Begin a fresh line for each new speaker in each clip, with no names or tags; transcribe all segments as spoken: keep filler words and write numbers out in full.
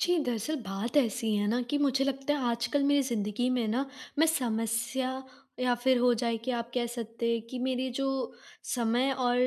जी, दरअसल बात ऐसी है ना कि मुझे लगता है आजकल मेरी ज़िंदगी में ना, मैं समस्या या फिर हो जाए कि आप कह सकते हैं कि मेरी जो समय और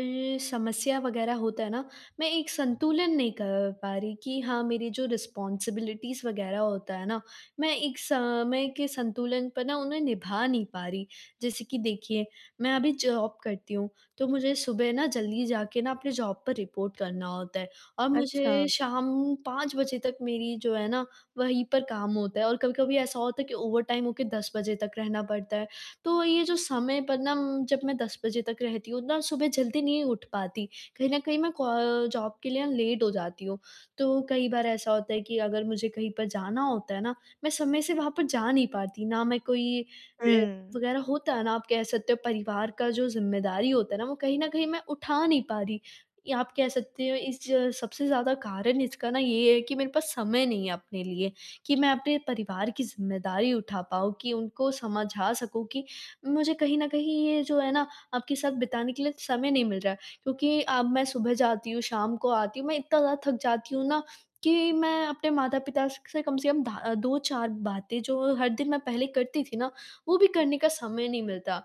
समस्या वग़ैरह होता है ना, मैं एक संतुलन नहीं क पा रही कि हाँ, मेरी जो रिस्पॉन्सिबिलिटीज़ वग़ैरह होता है ना, मैं एक समय के संतुलन पर ना उन्हें निभा नहीं पा रही। जैसे कि देखिए, मैं अभी जॉब करती हूँ, तो मुझे सुबह ना जल्दी जाके ना अपने जॉब पर रिपोर्ट करना होता है, और
अच्छा।
मुझे शाम पाँच बजे तक मेरी जो है ना, वहीं पर काम होता है और कभी-कभी ऐसा होता है कि ओवरटाइम होके दस बजे तक रहना पड़ता है। तो ये जो समय पर ना उम, जब मैं दस बजे तक रहती हूँ ना सुबह जल्दी नहीं उठ पाती, कहीं न कहीं मैं क जॉब के लिए ना लेट हो जाती हूँ। तो कई बार ऐसा होता है कि अगर मुझे कहीं पर जाना होता है ना, मैं समय से वहाँ पर जा नहीं पाती। ना मैं कोई [unintelligible]
हुँ।
वग़ैरह होता है ना, आप कह सकते हो परिवार का जो ज़िम्मेदारी होता है ना, वो कहीं न कहीं मैं उठा नहीं पा रही। ये आप कह सकते हो इस ज सबसे ज़्यादा कारण इसका ना ये है कि मेरे पास समय नहीं है अपने लिए, कि मैं अपने परिवार की ज़िम्मेदारी उठा पाऊँ कि उनको समझा सकूँ कि मुझे कहीं न कहीं ये जो है ना, आपके साथ बिताने के लिए समय नहीं मिल रहा है। क्योंकि अब मैं सुबह जाती हूँ, शाम को आती हूँ, मैं इतना ज़्यादा थक जाती हूँ ना, कि मैं अपने माता-पिता स से कम से कम धा अ, दो चार बातें जो हर दिन मैं पहले करती थी ना, वो भी करने का समय नहीं मिलता।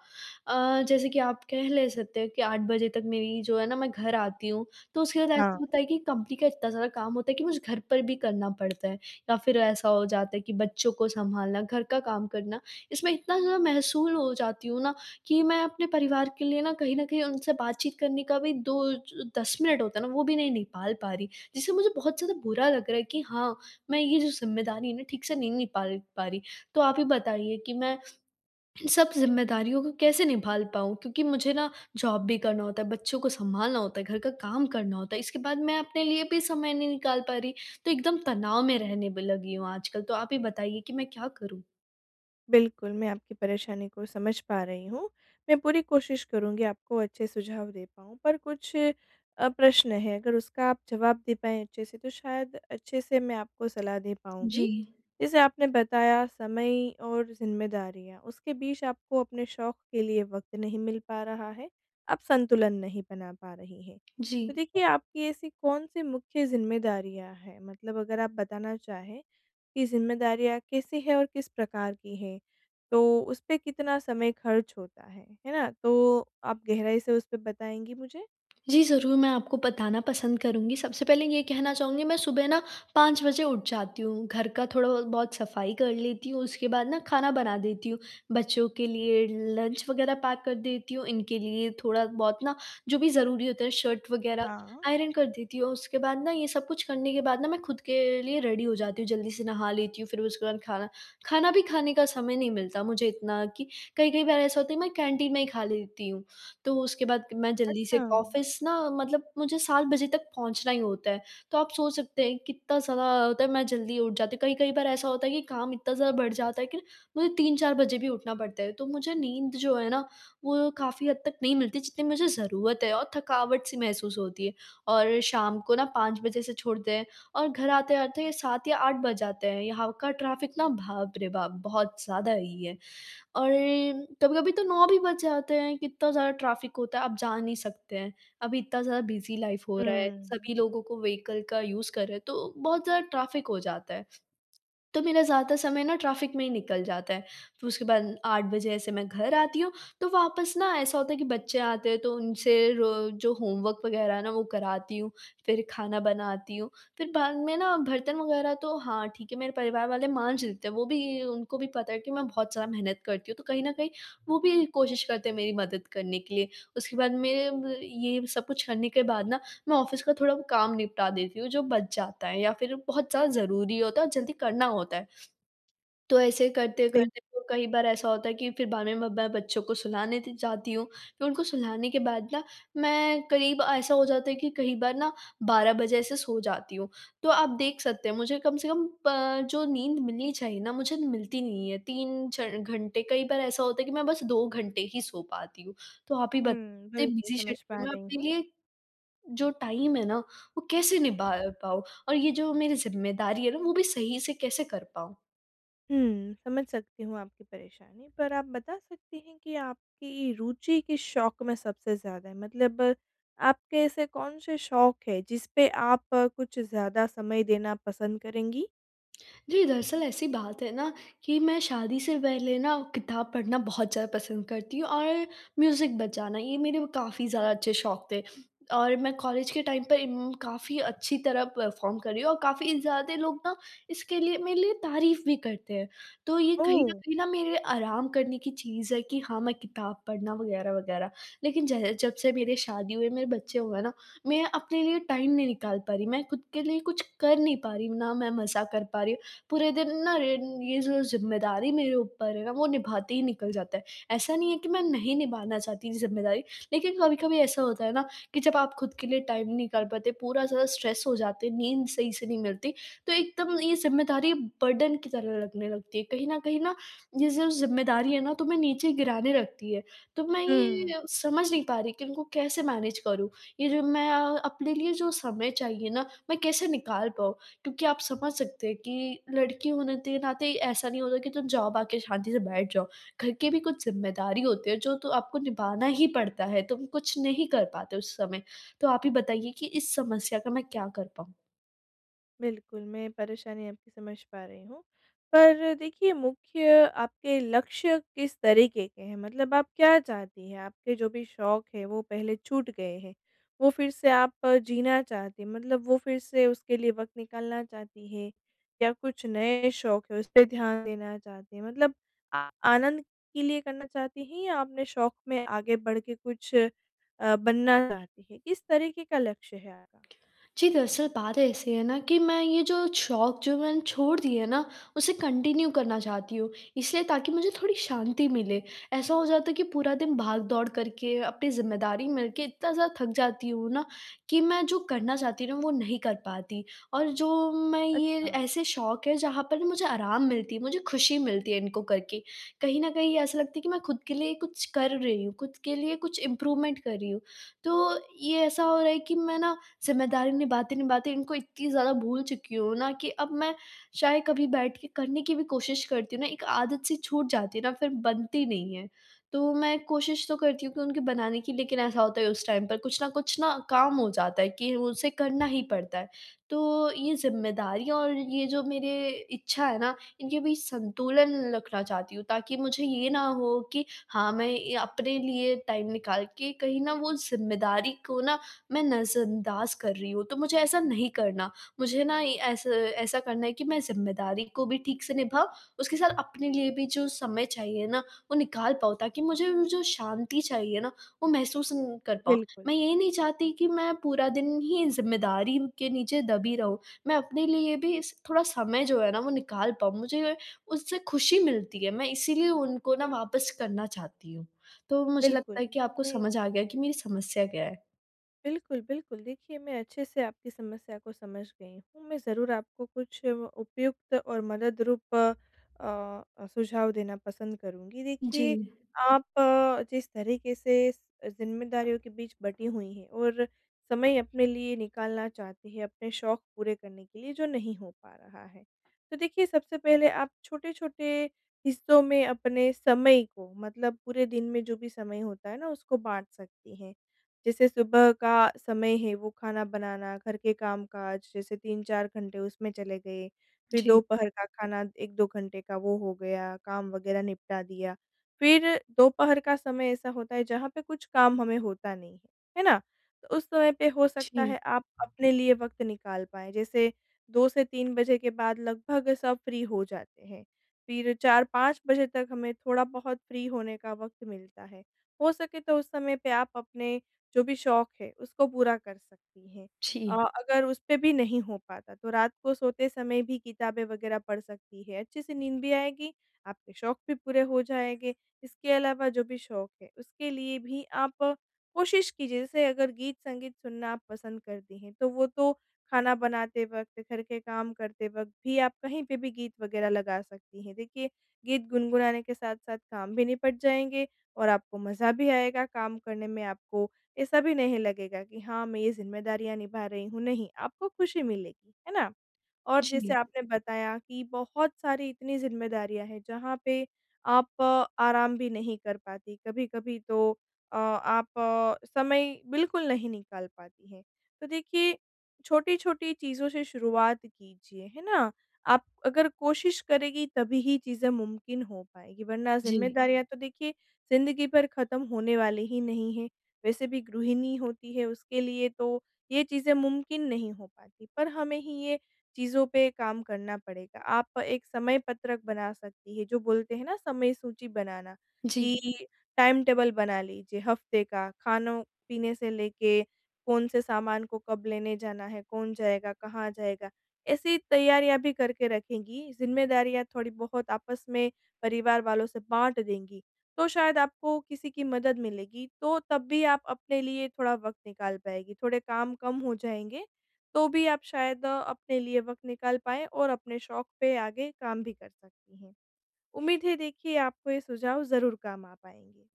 अ, जैसे कि आप कह लें सकते हैं कि आठ बजे तक मेरी जो है ना मैं घर आती हूँ, तो उसके बाद ऐसा
हाँ।
होता है कि कंपनी का इतना सारा काम होता है कि मुझे घर पर भी करना पड़ता है। या फिर ऐसा हो जाता है कि बच्चों को संभालना घर का काम करना, इसमें इतना ज़्यादा महसूल हो जाती हूँ ना कि मैं अपने परिवार के लिए ना कहीं न कहीं उनसे बातचीत करने का भी दो ज दस मिनट होता है ना वो भी नहीं निकाल पा रही, जिससे मुझे बहुत ज़्यादा बुरा लग रहा है कि हाँ, मैं ये जो ज़िम्मेदारी है ना ठीक से नहीं निकाल पा रही। तो आप ही बताइए कि मैं, इन सब ज़िम्मेदारियों को कैसे निभा ल पाऊँ? क्योंकि मुझे ना जॉब भी करना होता है, बच्चों को संभालना होता है, घर का काम करना होता है, इसके बाद मैं अपने लिए भी समय नहीं निकाल पा रही। तो एकदम तनाव में रहने ब लगी हूँ आजकल तो आप ही बताइए कि मैं क्या करूँ?
बिल्कुल, मैं आपकी परेशानी को समझ पा रही हूँ। मैं पूरी कोशिश करूँगी आपको अच्छे सुझाव दे पाऊँ पर कुछ अ, प्रश्न हैं। अगर उसका आप जवाब दे पाएँ अच्छे से तो शायद अच्छे से मैं आपको सलाह दे पाऊँगी।
जी।
जैसे आपने बताया समय और ज़िम्मेदारियाँ, उसके बीच आपको अपने शौक के लिए वक़्त नहीं मिल पा रहा है, आप संतुलन नहीं बना पा रही हैं। तो
जी।
देखिए आपकी ऐसी कौन-सी मुख्य ज़िम्मेदारियाँ हैं मतलब अगर आप बताना चाहें, कि ज़िम्मेदारियाँ कैसी हैं और किस प्रकार की हैं? तो उसपे कितना समय खर्च होता है, है ना? तो आप गहराई से उसपे बताएँगी मुझे।
जी, ज़रूर मैं आपको बताना पसंद करूँगी। सबसे पहले ये कहना चाहूँगी मैं सुबह ना पाँच बजे उठ जाती हूँ। घर का थोड़ा ब बहुत सफ़ाई कर लेती हूँ, उसके बाद ना खाना बना देती हूँ। बच्चों के लिए लंच वगैरह पैक कर देती हूँ, इनके लिए थोड़ा-बहुत ना जो भी ज़रूरी होता है शर्ट वगैरह
हाँ।
आयरन कर देती हूँ और उसके बाद ना ये सब कुछ करने के बाद ना मैं खुद के लिए रेडी हो जाती हूँ जल्दी से नहा लेती हूँ। फिर उसके बाद खाना खाना भी खाने का समय नहीं मिलता मुझे इतना, कि कई-कई बार ऐसा होता है मैं कैंटीन में ही खा लेती हूँ। तो उसके बाद मैं जल्दी
अच्छा।
से ऑफ़िस ना मतलब मुझे सात बजे तक पहुँचना ही होता है। तो आप सोच सकते हैं कितना ज़्यादा होता है मैं जल्दी उठ जाती हूँ। कई-कई बार ऐसा होता है कि काम इतना ज़्यादा बढ़ जाता है, कि मुझे तीन चार बजे भी उठना पड़ता है। तो मुझे नींद जो है ना, वो काफ़ी हद तक नहीं मिलती जितनी मुझे ज़रूरत है और थकावट-सी महसूस होती है, और शाम को ना पाँच बजे से छोड़ते हैं और घर आते-आते सात या आठ बज जाते हैं। यहाँ का ट्रैफ़िक ना, बाप रे बाप! बहुत ज़्यादा ही है, और कभी-कभी तो नौ भी बज जाते हैं, इतना ज़्यादा ट्रैफ़िक होता है आप जा नहीं सकते हैं। अभी इतना ज़्यादा बिज़ी लाइफ़ हो रहा है,
हुँ।
सभी लोगों को व्हीकल का यूज़ कर रहे हैं तो बहुत ज़्यादा ट्रैफ़िक हो जाता है। तो मेरा ज़्यादा समय ना ट्रैफ़िक में ही निकल जाता है। फिर उसके बाद आठ बजे से मैं घर आती हूँ, तो वापस ना ऐसा होता है कि बच्चे आते हैं तो उनसे रो जो होमवर्क वगैरह है ना वो कराती हूँ। फिर खाना बनाती हूँ, फिर बाद में ना बर्तन वगैरह तो हाँ, ठीक है मेरे परिवार वाले माँज देते हैं, वो भी उनको भी पता है कि मैं बहुत ज़्यादा मेहनत करती हूँ, तो कहीं न कहीं वो भी कोशिश करते हैं मेरी मदद करने के लिए। उसके बाद मेरे ब ये सब कुछ करने के बाद ना, मैं ऑफ़िस का थोड़ा काम निपटा देती हूँ जो बच जाता है या फिर बहुत ज़्यादा ज़रूरी होता है और जल्दी करना होता है। तो ऐसे
बिल
करते-करते वो कई बार ऐसा होता है कि फिर बाद में मैं ब बच्चों को सुलाने त जाती हूँ। फिर उनको सुलाने के बाद ना, मैं करीब ऐसा हो जाता है कि कई बार ना बारह बजे से सो जाती हूँ। तो आप देख सकते हैं, मुझे कम से कम पं जो नींद मिलनी चाहिए ना मुझे मिलती नहीं है। तीन च घंटे कई बार ऐसा होता है कि मैं बस दो घंटे ही सो पाती हूँ। तो आप ही
हुँ,
बताइए
बिल्कुल
बिज़ी
समझ पा
शेड्यूल में
रही
अपने
हूँ।
लिए, जो टाइम है ना वो कैसे निभा अ, पाऊँ? और ये जो मेरी ज़िम्मेदारी है ना वो भी सही से कैसे कर पाऊँ?
हुँ, समझ सकती हूँ आपकी परेशानी, पर आप बता सकती हैं कि आपकी रुचि किस शौक में सबसे ज़्यादा है? मतलब आपके ऐसे कौन से शौक हैं जिस पे आप कुछ ज़्यादा समय देना पसंद करेंगी?
जी, दरअसल ऐसी बात है ना कि मैं शादी से पहले ना किताब पढ़ना बहुत ज़्यादा पसंद करती हूँ और म्यूज़िक बजाना, ये मेरे काफ़ी ज़्यादा अच्छे शौक थे। और मैं कॉलेज के टाइम पे इम काफ़ी अच्छी तरह परफॉर्म कर रही हूँ और काफ़ी ज़्यादा लोग ना इसके लिए मेरे लिए तारीफ़ भी करते हैं। तो ये कहीं न
ओह!
कहीं ना मेरे आराम करने की चीज़ है कि हाँ मैं किताब पढ़ना वगैरह-वगैरह। लेकिन ज जब से मेरी शादी हुई, मेरे बच्चे हुए ना मैं अपने लिए टाइम नहीं निकाल पा रही। मैं खुद के लिए कुछ कर नहीं पा रही हूँ ना मैं मज़ा कर पा रही हूँ, पूरे दिन ना य ये जो ज़िम्मेदारी मेरे ऊपर है ना वो निभाते ही निकल जाता है। ऐसा नहीं है कि मैं नहीं निभाना चाहती ये ज़िम्मेदारी लेकिन कभी-कभी ऐसा होता है ना कि जब आप खुद के लिए टाइम नहीं निकाल पाते, पूरा ज़्यादा स्ट्रेस हो जाते हैं, नींद सही से नहीं मिलती। तो एकदम ये ज़िम्मेदारी बर्डन की तरह लगने लगती है, कहीं न कहीं ना ये जो ज़िम्मेदारी है ना तुम्हें नीचे गिराने लगती है। तो मैं
हुँ।
ये समझ नहीं पा रही कि उनको कैसे मैनेज करूँ ये जो मैं अपने लिए जो समय चाहिए ना मैं कैसे निकाल पाऊँ? क्योंकि आप समझ सकते हैं कि लड़की होने के नाते ऐसा नहीं होता कि तुम जॉब आके शांति से बैठ जाओ। घर के भी कुछ ज़िम्मेदारी होती है जो तो आपको निभाना ही पड़ता है, तुम कुछ नहीं कर पाते उस समय। तो आप ही बताइए कि इस समस्या का मैं क्या कर पाऊँ?
बिल्कुल, मैं परेशानी आपकी समझ पा रही हूँ। पर देखिए मुख्य आपके लक्ष्य किस तरीके के हैं? मतलब आप क्या चाहती हैं? आपके जो भी शौक हैं वो पहले छूट गए हैं, वो फिर से आप जीना चाहती हैं मतलब वो फिर से उसके लिए वक़्त निकालना चाहती हैं या कुछ नए शौक है, उस पे ध्यान देना चाहती हैं? मतलब आ आनंद के लिए करना चाहती हैं या अपने शौक में आगे बढ़ के कुछ अ, बनना चाहती हैं? किस तरीके का लक्ष्य है आपका?
जी, दरअसल बात ऐसी है ना कि मैं ये जो छौक जो मैंने छोड़ दिए ना, उसे कंटिन्यू करना चाहती हूँ, इसीलिए ताकि मुझे थोड़ी शांति मिले। ऐसा हो जाता है कि पूरा दिन भागदौड़ करके अपनी ज़िम्मेदारी मिलके इतना ज़्यादा थक जाती हूँ ना, कि मैं जो करना चाहती हूँ ना वो नहीं कर पाती, और जो मैं ये
अच्छा।
ऐसे शौक हैं जहाँ पर ना मुझे आराम मिलती है मुझे खुशी मिलती है इनको करके। कहीं न कहीं ऐसा लगता है कि मैं खुद के लिए कुछ कर रही हूँ, खुद के लिए कुछ इम्प्रूवमेंट कर रही हूँ। तो ये ऐसा हो रहा है कि मैं ना ज़िम्मेदारी निभाते-निभाते इनको इतनी ज़्यादा भूल चुकी हूँ ना कि अब मैं चाहे कभी बैठके करने की भी कोशिश करती हूँ ना, एक आदत-सी छूट जाती है ना फिर बनती नहीं है। तो मैं कोशिश तो करती हूँ कि उनके बनाने की लेकिन ऐसा होता है उस टाइम पर कुछ न कुछ ना काम हो जाता है कि उसे करना ही पड़ता है। तो ये ज़िम्मेदारियाँ और ये जो मेरे इच्छा है ना, इनके बीच संतुलन रखना चाहती हूँ ताकि मुझे ये ना हो कि हाँ, मैं ये अपने लिए टाइम निकाल के कहीं ना वो ज़िम्मेदारी को ना मैं नज़रअंदाज़ कर रही हूँ तो मुझे ऐसा नहीं करना। मुझे ना ये ऐसा ऐसा करना है कि मैं ज़िम्मेदारी को भी ठीक से निभाऊँ, उसके साथ अपने लिए भी जो समय चाहिए ना, वो निकाल पाऊँ ताकि मुझे वो जो शांति चाहिए ना, वो महसूस न कर पाऊँ।
बिल्कुल।
मैं ये ही नहीं चाहती कि मैं पूरा दिन ही ज़िम्मेदारी के नीचे दबी रहूँ, मैं अपने लिए भी स थोड़ा समय जो है ना वो निकाल पाऊँ, मुझे उससे खुशी मिलती है मैं इसीलिए उनको ना वापस करना चाहती हूँ। तो मुझे
बिल्कुल,
लगता है कि आपको
नहीं।
समझ आ गया कि मेरी समस्या क्या है।
बिल्कुल, बिल्कुल। देखिए मैं अच्छे से आपकी समस्या को समझ गई हूँ मैं ज़रूर आपको कुछ उपयुक्त और मदद रूप अ अ, सुझाव देना पसंद करूँगी। देखिए
जी।
आप जिस तरीके से स ज़िम्मेदारियों के बीच बंटी हुई हैं और समय अपने लिए निकालना चाहती हैं अपने शौक पूरे करने के लिए जो नहीं हो पा रहा है। तो देखिए सबसे पहले आप छोटे-छोटे हिस्सों में अपने समय को मतलब पूरे दिन में जो भी समय होता है न उसको बाँट सकती हैं। जैसे सुबह का समय है वो खाना बनाना घर के काम-काज जैसे तीन चार घंटे उसमें चले गए फिर
जी।
दोपहर का खाना एक दो घंटे का वो हो गया काम, वग़ैरह निपटा दिया। फिर दोपहर का समय ऐसा होता है जहाँ पे कुछ काम हमें होता नहीं है। है ना? तो उस समय पे हो सकता
जी।
है आप अपने लिए वक़्त निकाल पाएँ, जैसे दो से तीन बजे के बाद लगभग सब फ्री हो जाते हैं। फिर चार पाँच बजे तक हमें थोड़ा बहुत फ्री होने का वक़्त मिलता है। हो सके तो उस समय पे आप अपने जो भी शौक हैं उसको पूरा कर सकती हैं। अ,
छी।
अगर उस पे भी नहीं हो पाता तो रात को सोते समय भी किताबें वग़ैरह पढ़ सकती हैं। अच्छे से नींद भी आएगी, आपके शौक भी पूरे हो जाएँगे। इसके अलावा जो भी शौक हैं उसके लिए भी आप कोशिश कीजिए जैसे अगर गीत-संगीत सुनना आप पसंद करती हैं तो वो तो खाना बनाते वक़्त घर के काम करते वक़्त भी आप कहीं पे भी गीत वग़ैरह लगा सकती हैं। देखिए गीत गुनगुनाने के साथ-साथ काम भी निपट जाएँगे और आपको मज़ा भी आएगा काम करने में आपको ऐसा भी नहीं लगेगा कि हाँ मैं ये ज़िम्मेदारियाँ निभा रही हूँ नहीं, आपको खुशी मिलेगी। है ना? और जैसे
जी
आपने बताया कि बहुत सारी इतनी ज़िम्मेदारियाँ हैं जहाँ पे आप आराम भी नहीं कर पाती। कभी-कभी तो अ, आप समय बिल्कुल नहीं निकाल पाती हैं। तो देखिए छोटी-छोटी चीज़ों से शुरुआत कीजिए। है ना? आप अगर कोशिश करेंगी तभी ही चीज़ें मुमकिन हो पाएँगी वरना
जी।
ज़िम्मेदारियाँ तो देखिए ज़िन्दगी भर ख़त्म होने वाली ही नहीं हैं। वैसे भी गृहिणी होती है उसके लिए तो ये चीज़ें मुमकिन नहीं हो पाती। पर हमें ही ये चीज़ों पे काम करना पड़ेगा। आप एक समय पत्रक बना सकती हैं। जो बोलते हैं न समय सूची बनाना
जी।
कि टाइम टेबल बना लीजिए हफ़्ते का। खानो, पीने से लेके कौन से सामान को कब लेने जाना है? कौन जाएगा? कहाँ जाएगा? ऐसी तैयारियाँ भी करके रखेंगी, ज़िम्मेदारियाँ थोड़ी बहुत आपस में परिवार वालों से बाँट देंगी तो शायद आपको किसी की मदद मिलेगी। तो तब भी आप अपने लिए थोड़ा वक़्त निकाल पाएँगी। थोड़े काम कम हो जाएँगे तो भी आप शायद अ, अपने लिए वक़्त निकाल पाएँ और अपने शौक पे आगे काम भी कर सकती हैं। उम्मीद है देखिए आपको ये सुझाव ज़रूर काम आ पाएँगे।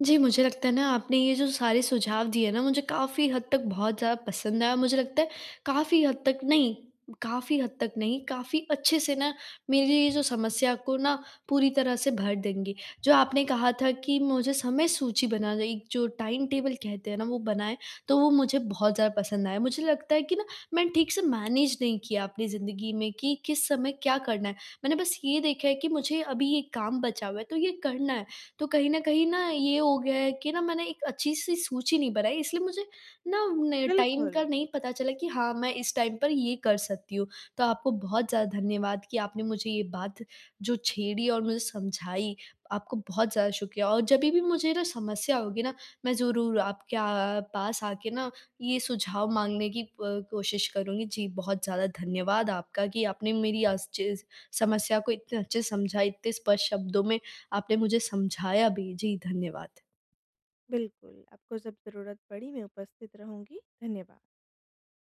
जी, मुझे लगता है ना आपने ये जो सारे सुझाव दिए न मुझे काफ़ी हद तक बहुत ज़्यादा पसंद आया। मुझे लगता है काफ़ी हद तक नहीं, काफ़ी हद तक नहीं, काफ़ी अच्छे से ना मेरी ये जो समस्या को ना पूरी तरह से भर देंगे। जो आपने कहा था कि मुझे समय सूची बनाना एक जो टाइम टेबल कहते हैं न वो बनाएँ तो वो मुझे बहुत ज़्यादा पसंद आया। मुझे लगता है कि ना मैंने ठीक से मैनेज नहीं किया अपनी ज़िंदगी में कि किस समय क्या करना है। मैंने बस ये देखा है कि मुझे अभी ये काम बचा हुआ है तो ये करना है। तो कहीं न कहीं न ये हो गया है कि ना मैंने एक अच्छी-सी सूची नहीं बनाई इसलिए मुझे ना टाइम
बिल्कुल।
का नहीं पता चला कि हाँ, मैं इस टाइम पर ये कर सकती हूँ। तो आपको बहुत ज़्यादा धन्यवाद कि आपने मुझे ये बात जो छेड़ी और मुझे समझाई, आपको बहुत ज़्यादा शुक्रिया। और जब भी मुझे ना समस्या होगी ना मैं ज़रूर आपके अ, पास आके ना ये सुझाव माँगने की अ, कोशिश करुँगी। जी, बहुत ज़्यादा धन्यवाद आपका कि आपने मेरी अस् चीज़ समस्या को इतने अच्छे से समझा इतने स्पष्ट शब्दों में आपने मुझे समझाया भी। जी, धन्यवाद।
बिल्कुल। आपको जब ज़रूरत पड़ी मैं उपस्थित रहूँगी। धन्यवाद।